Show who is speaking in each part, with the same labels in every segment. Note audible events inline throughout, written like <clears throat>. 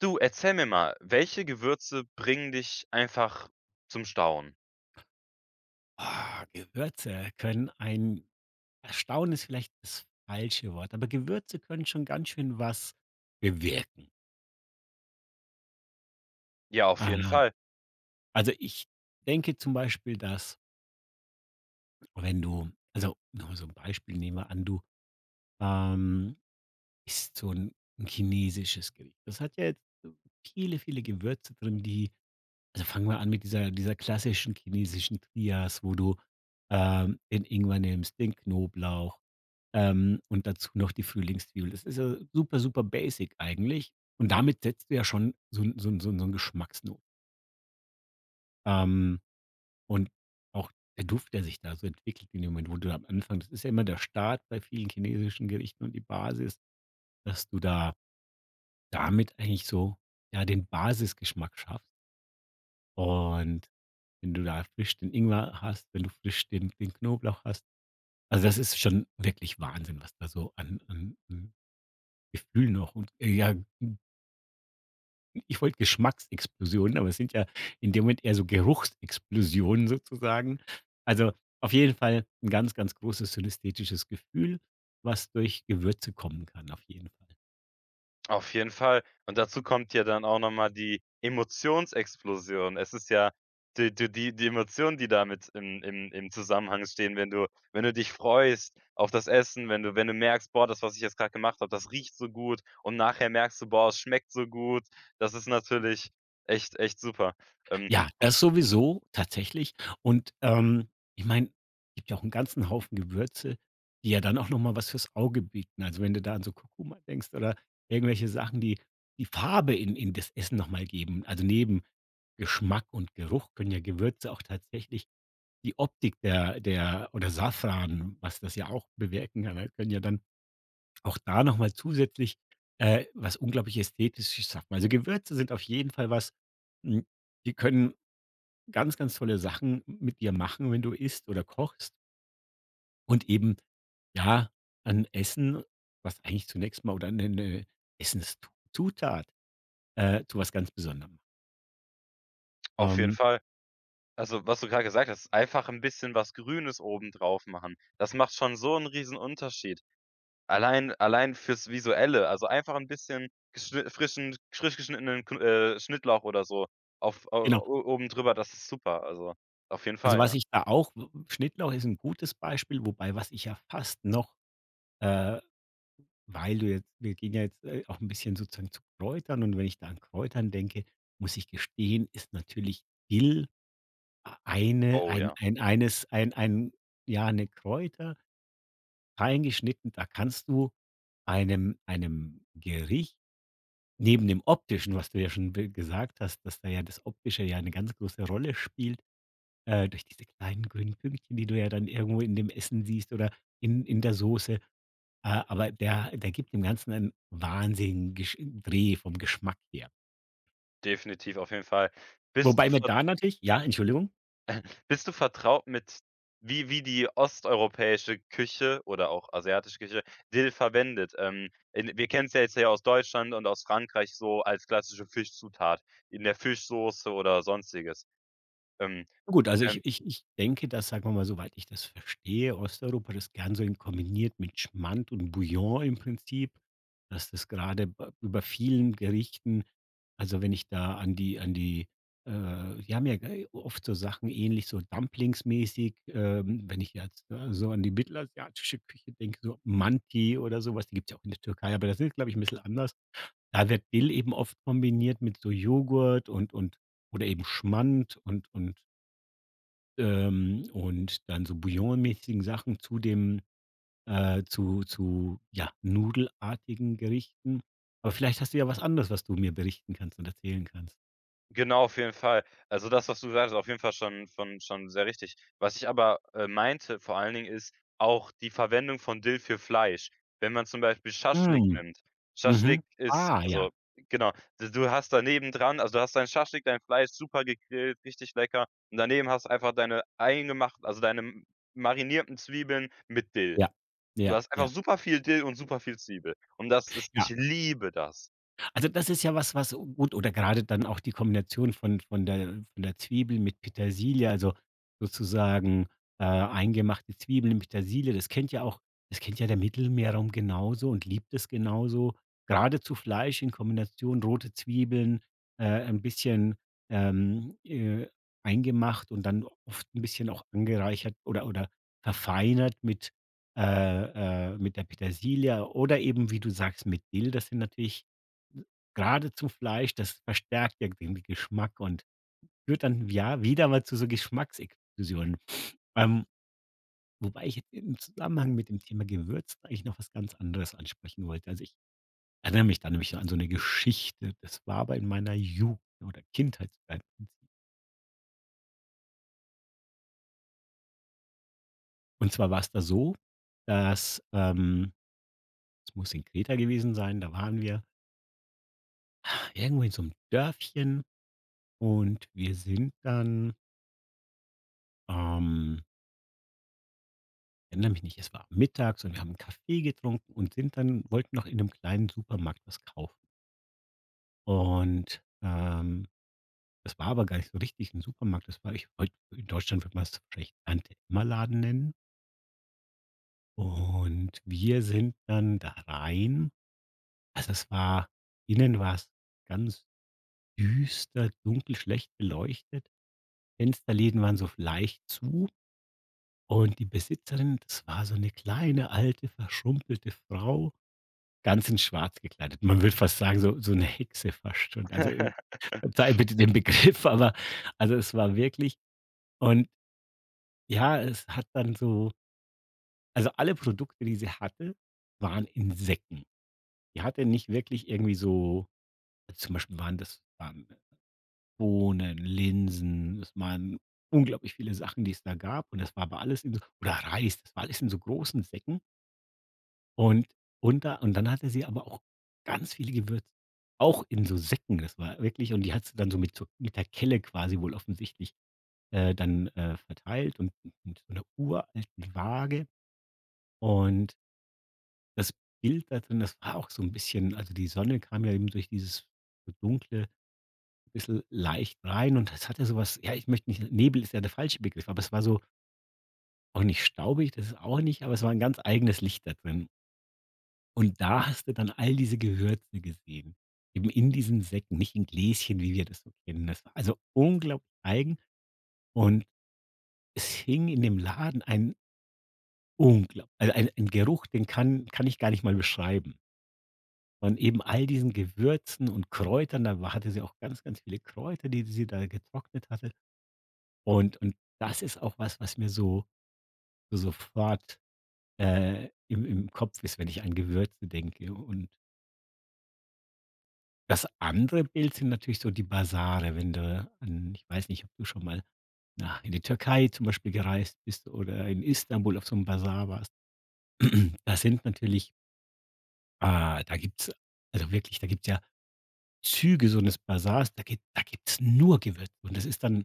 Speaker 1: Du, erzähl mir mal, welche Gewürze bringen dich einfach zum Staunen?
Speaker 2: Oh, Gewürze können ein erstaunen ist vielleicht das falsche Wort, aber Gewürze können schon ganz schön was bewirken.
Speaker 1: Ja, auf jeden
Speaker 2: Ah.
Speaker 1: Fall.
Speaker 2: Also ich denke zum Beispiel, dass wenn du also nur so 'n Beispiel, nehmen wir an du, ähm, isst so 'n 'n chinesisches Geri das hat ja jetzt so viele, viele Gewürze drin, die also fangen wir an mit dieser dieser klassischen chinesischen Trias, wo du, ähm, den Ingwer nimmst, den Knoblauch, ähm, und dazu noch die Frühlingszwiebel. Das ist ja super, super basic eigentlich und damit setzt du ja schon so 'n so 'n so 'n so 'n Geschmacksno Ähm, und auch der Duft, der sich da so entwickelt in dem Moment, wo du dann am Anfang das ist ja immer der Start bei vielen chinesischen Gerichten und die Basis, dass du da damit eigentlich so ja den Basisgeschmack schaffst und wenn du da frisch den Ingwer hast, wenn du frisch den den Knoblauch hast, also das ist schon wirklich Wahnsinn, was da so an an an Gefühl noch und ey, ja, hm hm, ich wollte Geschmacksexplosionen, aber es sind ja in dem Moment eher so Geruchsexplosionen sozusagen. Also auf jeden Fall 'n ganz, ganz großes synästhetisches Gefühl, was durch Gewürze kommen kann, auf jeden Fall.
Speaker 1: Auf jeden Fall und dazu kommt ja dann auch noch mal die Emotionsexplosion. Es ist ja, die du die Emotionen, die damit im im im Zusammenhang stehen, wenn du wenn du dich freust auf das Essen, wenn du wenn du merkst: „Boah, das, was ich jetzt grad gemacht habe, das riecht so gut“ und nachher merkst du: „Boah, es schmeckt so gut.“ Das ist natürlich echt echt super, ähm
Speaker 2: Ja, das sowieso, tatsächlich und, ähm, ich meine, gibt ja auch 'n ganzen Haufen Gewürze, die ja dann auch noch mal was fürs Auge bieten. Also, wenn du da an so Kurkuma denkst oder irgendwelche Sachen, die die Farbe in in das Essen noch mal geben. Also, neben Geschmack und Geruch können ja Gewürze auch tatsächlich die Optik der der oder Safran, was das ja auch bewirken <unintelligible> können ja dann auch da noch mal zusätzlich, äh, was unglaublich Ästhetisches schaffen. Also Gewürze sind auf jeden Fall was, hm, die können ganz, ganz tolle Sachen mit dir machen, wenn du isst oder kochst und eben ja, dann Essen, was eigentlich zunächst mal oder 'ne 'ne Essenszutat, äh, zu was ganz Besonderem.
Speaker 1: Auf jeden
Speaker 2: Ähm.
Speaker 1: Fall. Also was du gerade gesagt hast, einfach 'n bisschen was Grünes oben drauf machen. Das macht schon so 'n Riesenunterschied. Allein allein fürs Visuelle, also einfach 'n bisschen geschni frischen frisch geschnittenen kn äh, Schnittlauch oder so auf, äh,
Speaker 2: Genau.
Speaker 1: o oben drüber. Das ist super. Also auf jeden
Speaker 2: Also
Speaker 1: Fall, ja.
Speaker 2: was ich da auch Schnittlauch ist 'n gutes Beispiel, wobei was ich ja fast noch äh, weil du jetzt wir gehen ja jetzt, äh, auch 'n bisschen sozusagen zu Kräutern und wenn ich da an Kräutern denke, muss ich gestehen, ist natürlich Dill a eine
Speaker 1: Oh,
Speaker 2: ein
Speaker 1: ja.
Speaker 2: ein eines ein ein ja, 'ne Kräuter fein geschnitten. Da kannst du einem einem Gericht neben dem Optischen, was du ja schon be gesagt hast, dass da ja das Optische ja 'ne ganz große Rolle spielt, äh, durch diese kleinen grünen Pünktchen, die du ja dann irgendwo in dem Essen siehst oder in in der Soße. Äh, aber der der gibt dem Ganzen einen wahnsinnigen Gesch Dreh vom Geschmack her.
Speaker 1: Definitiv, auf jeden Fall. Bist du
Speaker 2: Wobei man
Speaker 1: ver
Speaker 2: da natürlich Ja, Entschuldigung?
Speaker 1: <chuckles> Bist du vertraut mit wie wie die osteuropäische Küche oder auch asiatische Küche, Dill verwendet? Ähm, in wir kennen 's ja jetzt hier aus Deutschland und aus Frankreich so als klassische Fischzutat in der Fischsoße oder sonstiges. Ähm,
Speaker 2: Gut, also
Speaker 1: ähm
Speaker 2: ich ich ich denke, dass, sagen wir mal, soweit ich das verstehe, Osteuropa das gern so in kombiniert mit Schmand und Bouillon im Prinzip, dass das gerade ba über vielen Gerichten also, wenn ich da an die an die, äh, wir haben ja ge oft so Sachen ähnlich so Dumplings-mäßig, ähm, wenn ich jetzt so an die mittelasiatische Küche denke, so Manti oder sowas die gibt's ja auch in der Türkei, aber das ist glaube ich 'n bisschen anders. Da wird Dill eben oft kombiniert mit so Joghurt und und oder eben Schmand und und ähm, und dann so bouillon-mäßigen Sachen zu dem, äh, zu zu ja nudelartigen Gerichten. Aber vielleicht hast du ja was anderes, was du mir berichten kannst und erzählen kannst?
Speaker 1: Genau, auf jeden Fall. Also das, was du sagst, auf jeden Fall schon von schon sehr richtig. Was ich aber, äh, meinte vor allen Dingen, ist auch die Verwendung von Dill für Fleisch. Wenn man zum Beispiel Schaschlik
Speaker 2: Hm,
Speaker 1: nimmt,
Speaker 2: mhm,
Speaker 1: Schaschlik ist
Speaker 2: ah, ja.
Speaker 1: also genau, d du hast da neben dran also du hast dein Schaschlik, dein Fleisch super gegrillt, richtig lecker. Und daneben hast du einfach deine eingemacht also deine m marinierten Zwiebeln mit Dill.
Speaker 2: Ja,
Speaker 1: Du
Speaker 2: ja,
Speaker 1: hast einfach
Speaker 2: ja.
Speaker 1: super viel Dill und super viel Zwiebel. Und das ist ich
Speaker 2: Ja.
Speaker 1: liebe das.
Speaker 2: Also das ist ja was, was gut oder grade dann auch die Kombination von von der von der Zwiebel mit Petersilie, also sozusagen, äh, eingemachte Zwiebeln mit Petersilie, das kennt ja auch das kennt ja der Mittelmeerraum genauso und liebt es genauso. Gerade zu Fleisch in Kombination, rote Zwiebeln, äh, ein bisschen, ähm, äh, eingemacht und dann oft 'n bisschen auch angereichert oder oder verfeinert mit äh, äh, mit der Petersilie oder eben wie du sagst, mit Dill, das sind natürlich n geradezu Fleisch, das verstärkt ja den Geschmack und führt dann, ja, wieder mal zu so Geschmacksexplosion. Ähm, wobei ich im Zusammenhang mit dem Thema Gewürz eigentlich noch was ganz anderes ansprechen wollte. Also ich erinnere mich da nämlich so an so 'ne Geschichte. Das war aber in meiner Jugend oder Kindheitszeit. Und zwar war es da so, dass, ähm das muss in Kreta gewesen sein, da waren wir <sighs> irgendwo in so 'nem Dörfchen und wir sind dann ähm erinnere mich nicht, es war mittags und wir haben Kaffee getrunken und sind dann wollten noch in 'nem kleinen Supermarkt was kaufen und, ähm, das war aber gar nicht so richtig 'n Supermarkt. Das war ich wollte in Deutschland, würde man das vielleicht Tante-Emma-Laden nennen. Und wir sind dann da rein, also es war, innen war es ganz düster, dunkel, schlecht beleuchtet. Fensterläden waren so leicht zu. Und die Besitzerin, das war so 'ne kleine alte, verschrumpelte Frau, ganz in schwarz gekleidet. Man würde fast sagen, so so 'ne Hexe fast schon. Also, äh, verzeihe
Speaker 1: <laughs>
Speaker 2: bitte den Begriff, aber also, es war wirklich und ja, es hat dann so also alle Produkte, die sie hatte, waren Insekten. Die hatte nicht wirklich irgendwie so zum Beispiel waren das, ähm, Bohnen, Linsen, es waren unglaublich viele Sachen, die es da gab und das war aber alles in so oder Reis, das war alles in so großen Säcken. Und und da und dann hatte sie aber auch ganz viele Gewür auch in so Säcken. Das war wirklich und die hat sie dann so mit so mit der Kelle quasi wohl offensichtlich, äh, dann, äh, verteilt und u und mit 'ner uralten Waage und das Bild da drin, das war auch so 'n bisschen also die Sonne kam ja eben durch dieses so dunkle, bisschen leicht rein und das hatte sowas, ja ich möchte nicht Nebel ist ja der falsche Begriff, aber es war so auch nicht staubig, das ist auch nicht, aber es war 'n ganz eigenes Licht da drin. Und da hast du dann all diese Gewürze gesehen, eben in diesen Säcken, nicht in Gläschen, wie wir das so kennen. Das war also unglaublich eigen und es hing in dem Laden ein unglaub also ein ein Geruch, den kann kann ich gar nicht mal beschreiben. Und eben all diesen Gewürzen und Kräutern, da wa hatte sie auch ganz, ganz viele Kräuter, die s sie da getrocknet hatte. Und und das ist auch was was mir so, sofort, äh, im im Kopf ist, wenn ich an Gewürzen denke und das andere Bild sind natürlich so die Basare, wenn du an ich weiß nicht, ob du schon mal na in die Türkei zum Beispiel gereist bist oder in Istanbul auf so 'n Basar warst. <clears throat> Da sind natürlich ah, da gibt's, also wirklich, da gibt's ja Züge <unintelligible> Basars, da gib da gibt's nur Gewür und das ist dann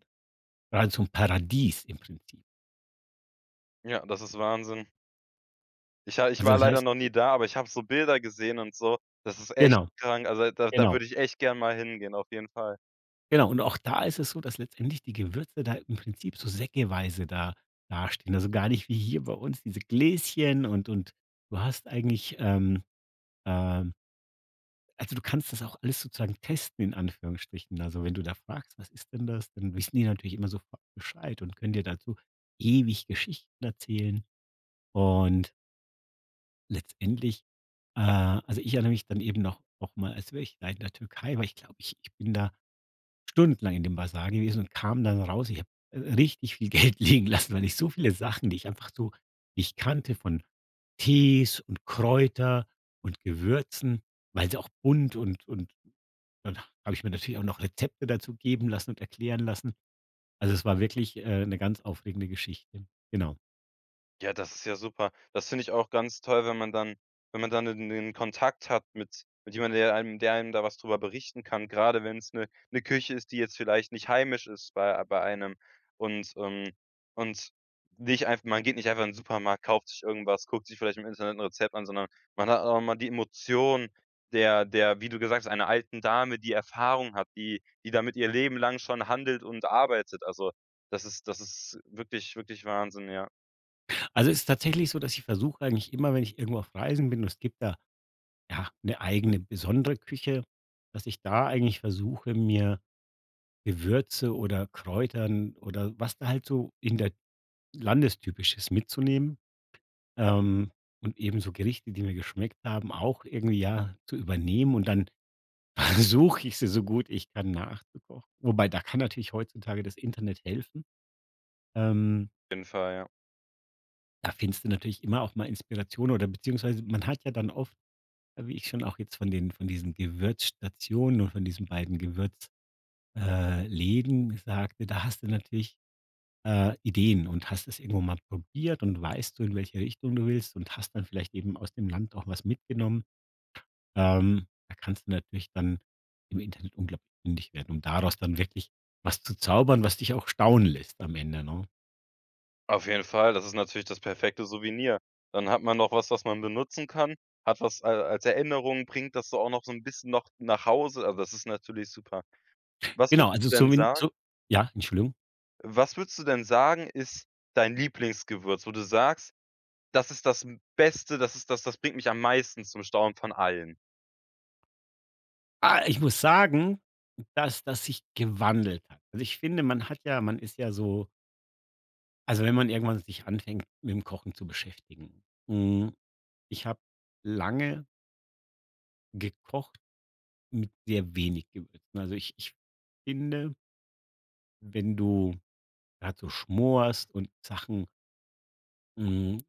Speaker 2: geradezu 'n Paradies im Prinzip.
Speaker 1: Ja, das ist Wahnsinn. Ich ha ich
Speaker 2: Also,
Speaker 1: war
Speaker 2: das
Speaker 1: leider
Speaker 2: heißt
Speaker 1: noch nie da, aber ich habe so Bilder gesehen und so. Das ist echt
Speaker 2: Genau.
Speaker 1: krank. Also, da da
Speaker 2: Genau.
Speaker 1: würde ich echt gerne mal hingehen, auf jeden Fall.
Speaker 2: Genau und auch da ist es so, dass letztendlich die Gewürze da im Prinzip so säckeweise da dastehen. Also, gar nicht wie hier bei uns, diese Gläschen und und du hast eigentlich, ähm, ähm Also du kannst das auch alles sozusagen testen, in Anführungsstrichen. Also, wenn du da fragst, was ist denn das, dann wissen die natürlich immer sofort Bescheid und können dir dazu ewig Geschichten erzählen. Und letztendlich äh, also ich erinnere mich dann eben noch nochmal als wäre ich, ja, in der Türkei, weil ich glaube, ich ich bin da stundenlang in dem Basar gewesen und kam dann raus. Ich habe richtig viel Geld liegen lassen, weil ich so viele Sachen, die ich einfach so nicht kannte von Tees und Kräuter und Gewürzen, weil sie auch bunt und und dann habe ich mir natürlich auch noch Rezepte dazu geben lassen und erklären lassen. Also es war wirklich, äh, 'ne ganz aufregende Geschichte, genau.
Speaker 1: Ja, das ist ja super. Das finde ich auch ganz toll, wenn man dann wenn man dann in den Kontakt hat mit mit jemand, der einem der einem da was drüber berichten kann. Gerade wenn's 'ne 'ne Küche ist, die jetzt vielleicht nicht heimisch ist bei ei bei einem. Und, ähm und nicht einfach man geht nicht einfach in den Supermarkt, kauft sich irgendwas, guckt sich vielleicht im Internet 'n Rezept an, sondern man hat auch immer die Emotion der der, wie du gesagt hast, einer alten Dame, die Erfahrung hat, die die damit ihr Leben lang schon handelt und arbeitet. Also, das ist das ist wirklich wirklich Wahnsinn, ja.
Speaker 2: Also es ist tatsächlich so, dass ich versuche eigentlich immer, wenn ich irgendwo auf Reisen bin und es gibt da, ja, 'ne eigene besondere Küche, dass ich da eigentlich versuche, mir Gewürze oder Kräutern oder was da halt so in der Landestypisches mitzunehmen, ähm, und eben so Gerichte, die mir geschmeckt haben, auch irgendwie ja zu übernehmen und dann versuche ich sie so gut ich dann nachzukochen. Wobei da kann natürlich heutzutage das Internet helfen. Ähm
Speaker 1: Auf jeden Fall, ja.
Speaker 2: da findest du natürlich immer auch mal Inspiration oder beziehungsweise man hat ja dann oft, äh, wie ich schon auch jetzt von den von diesen Gewürzstationen oder von diesen beiden Gewürz äh, Läden sagte, da haste natürlich äh, Ideen und hast es irgendwo mal probiert und weißt du, in welcher Richtung du willst und hast dann vielleicht eben aus dem Land auch was mitgenommen, ähm, da kannst du natürlich dann im Internet unglaublich fündig werden um, daraus dann wirklich was zu zaubern, was dich auch staunen lässt am Ende, ne?
Speaker 1: Auf jeden Fall, das ist natürlich das perfekte Souvenir. Dann hat man noch was, was man benutzen kann. Hat was a als Erinnerung, bringt das so auch noch so 'n bisschen noch nach Hause, also das ist natürlich super. Was
Speaker 2: Genau,
Speaker 1: würdest
Speaker 2: also
Speaker 1: du denn
Speaker 2: zumin
Speaker 1: sagen
Speaker 2: zu ja, Entschuldigung.
Speaker 1: was würdest du denn sagen, ist dein Lieblingsgewürz, wo du sagst, das ist das m Beste, das ist das das bringt mich am meisten zum Staunen von allen?
Speaker 2: Ah, ich muss sagen, dass das sich gewandelt hat. Also ich finde, man hat ja man ist ja so also wenn man irgendwann sich anfängt, mitm Kochen zu beschäftigen, hm, ich habe lange gekocht mit sehr wenig Gewürzen. Also ich ich finde wenn du grad so schmorst und Sachen hm,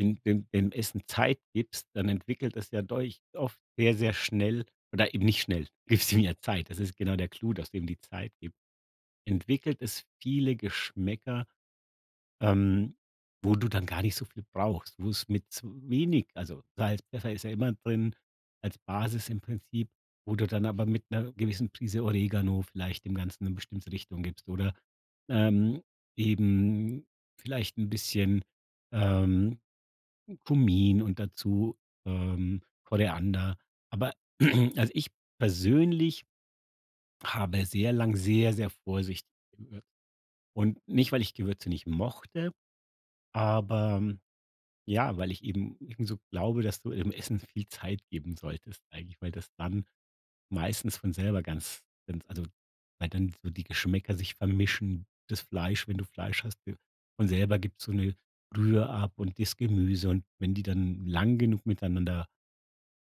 Speaker 2: dem dem dem Essen Zeit gibst, dann entwickelt es ja <unintelligible> oft sehr, sehr schnell oder eben nicht schnell gibst ihm ja Zeit. Das ist genau der Clou, dass du ihm die Zeit gibst. Entwickelt es viele Geschmäcker, ähm, wo du dann gar nicht so viel brauchst, wo es mit wenig also Salz Pfeffer ist ja immer drin, als Basis im Prinzip, wo du dann aber mit 'ner gewissen Prise Oregano vielleicht dem Ganzen 'ne bestimmte Richtung gibst oder, ähm, eben vielleicht 'n bisschen, ähm, Kumin und dazu, ähm, Koriander. Aber <clears throat> also ich persönlich habe sehr lang sehr, sehr Vorsicht <unintelligible> und nicht, weil ich Gewürze nicht mochte, aber, ja, weil ich eben eben so glaube, dass du im Essen viel Zeit geben solltest, eigentlich, weil das dann meistens von selber ganz ganz also weil dann so die Geschmäcker sich vermischen, das Fleisch wenn du Fleisch hast von selber gibt so 'ne Brühe ab und das Gemüse. Und wenn die dann lang genug miteinander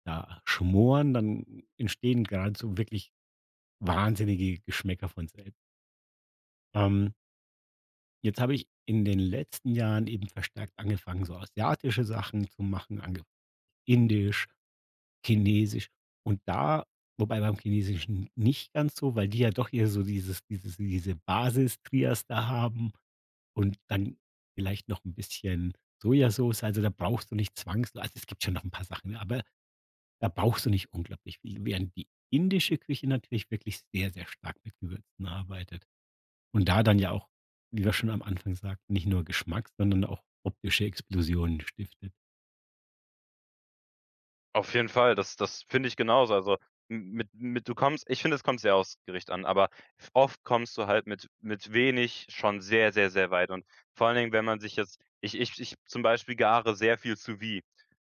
Speaker 2: da schmoren, dann entstehen grad so wirklich wahnsinnige Geschmäcker von sel Ähm jetzt habe ich in den letzten Jahren eben verstärkt angefangen, so asiatische Sachen zu machen ange Indisch, Chinesisch. Und da, wobei beim Chinesischen nicht ganz so, weil die ja doch eher so dieses dieses diese Basis-Trias da haben und dann vielleicht noch 'n bisschen Sojasoße. Also da brauchst du nicht zwangswei also es gibt schon noch 'n paar Sachen, ne? Aber, da brauchst du nicht unglaublich viel, während die indische Küche natürlich wirklich sehr, sehr stark mit Gewürzen arbeitet. Und da dann ja auch, wie wir schon am Anfang sagten: „Nicht nur Geschmack, sondern auch optische Explosionen stiftet“.
Speaker 1: Auf jeden Fall, das das finde ich genauso. Also m mit mit du kommst ich finde, es kommt sehr aufs Gericht an, aber oft kommst du halt mit mit wenig schon sehr, sehr, sehr weit und vor allen Dingen, wenn man sich jetzt, ich ich ich, zum Beispiel, gare sehr viel Sous-vide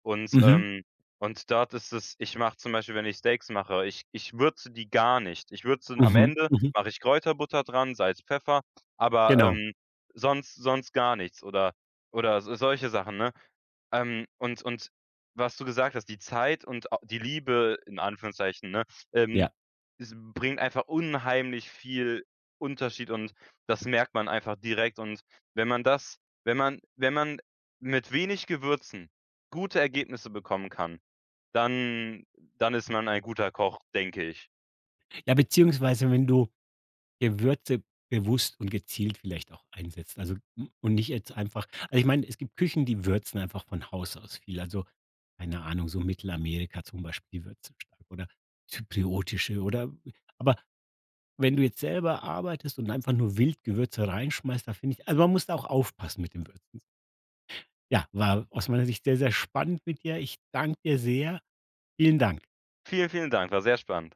Speaker 1: und,
Speaker 2: Mhm.
Speaker 1: ähm, und dort ist es ich mache zum Beispiel, wenn ich Steaks mache, ich ich würze die gar nicht. Ich würze am
Speaker 2: Mhm,
Speaker 1: Ende,
Speaker 2: mhm.
Speaker 1: mache ich Kräuterbutter dran, Salz, Pfeffer, aber,
Speaker 2: Genau.
Speaker 1: ähm, sonst sonst gar nichts oder oder s so solche Sachen, ne? Ähm, und und was du gesagt hast, die Zeit und au die Liebe in Anführungszeichen, ne? Ähm,
Speaker 2: Ja.
Speaker 1: es bringt einfach unheimlich viel Unterschied und das merkt man einfach direkt und wenn man das wenn man wenn man mit wenig Gewürzen gute Ergebnisse bekommen kann, dann dann ist man ein guter Koch, denke ich.
Speaker 2: Ja, beziehungsweise wenn du Gewürze bewusst und gezielt vielleicht auch einsetzt, also, hm, und nicht jetzt einfach also ich meine, es gibt Küchen, die würzen einfach von Haus aus viel. Also, keine Ahnung, so Mittelamerika zum Beispiel würzen stark oder zypriotische oder aber, wenn du jetzt selber arbeitest und einfach nur wild Gewürze rein schmeißt, da finde ich also man muss da auch aufpassen mit den Würzen. Ja, war aus meiner Sicht sehr, sehr spannend mit dir. Ich danke dir sehr. Vielen Dank.
Speaker 1: Vielen, vielen Dank, war sehr spannend.